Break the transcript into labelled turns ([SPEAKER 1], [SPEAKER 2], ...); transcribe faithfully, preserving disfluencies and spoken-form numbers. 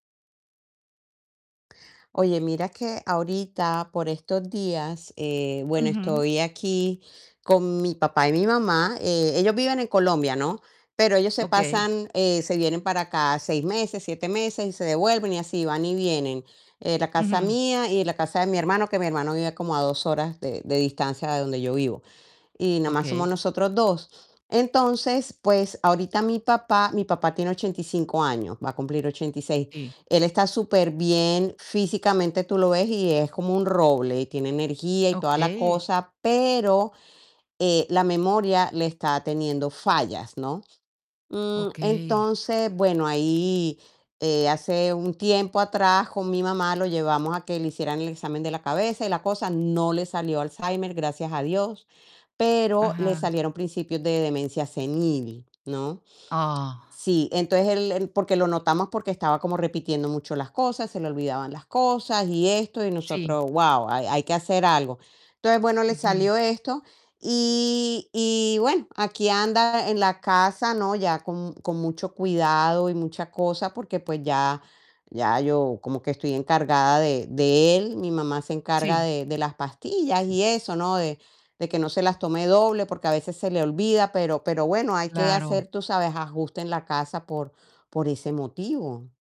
[SPEAKER 1] Oye, mira que ahorita, por estos días, eh, bueno,
[SPEAKER 2] Ujú.
[SPEAKER 1] estoy aquí con mi papá y mi mamá. Eh, ellos viven en Colombia, ¿no? Pero ellos se
[SPEAKER 2] Okey.
[SPEAKER 1] pasan, eh, se vienen para acá seis meses, siete meses y se devuelven y así, van y vienen, eh, la casa
[SPEAKER 2] Ujú.
[SPEAKER 1] mía y la casa de mi hermano, que mi hermano vive como a dos horas de de distancia de donde yo vivo, y nomás somos
[SPEAKER 2] Okey.
[SPEAKER 1] nosotros dos. Entonces, pues, ahorita mi papá mi papá tiene ochenta y cinco años, va a cumplir ochenta y seis,
[SPEAKER 2] Sí.
[SPEAKER 1] él está superbién, físicamente tú lo ves y es como un roble, y tiene energía y toda la
[SPEAKER 2] Okey.
[SPEAKER 1] cosa pero, eh, la memoria le está teniendo fallas, ¿no? Mm,
[SPEAKER 2] Okey.
[SPEAKER 1] entonces, bueno ahí, eh, hace un tiempo atrás con mi mamá lo llevamos a que le hicieran el examen de la cabeza y la cosa, no le salió Alzheimer, gracias a Dios, pero le
[SPEAKER 2] Ajá.
[SPEAKER 1] salieron principios de demencia senil, ¿no?
[SPEAKER 2] Ah.
[SPEAKER 1] Sí, entonces él él, porque lo notamos porque estaba como repitiendo mucho las cosas, se le olvidaban las cosas y esto, y
[SPEAKER 2] Sí.
[SPEAKER 1] nosotros: "Guau", hay hay que hacer algo. Entonces bueno, le
[SPEAKER 2] Ujú.
[SPEAKER 1] salió esto, y y bueno, aquí anda en la casa, ¿no? Ya con con mucho cuidado y mucha cosa, porque, pues, ya ya yo como que estoy encargada de de él, mi mamá se encarga
[SPEAKER 2] Sí.
[SPEAKER 1] de de las pastillas y eso, ¿no? De de que no se las tome doble, porque a veces se le olvida, pero pero bueno, hay que
[SPEAKER 2] Claro.
[SPEAKER 1] hacer, tú sabes, ajuste en la casa por por ese motivo.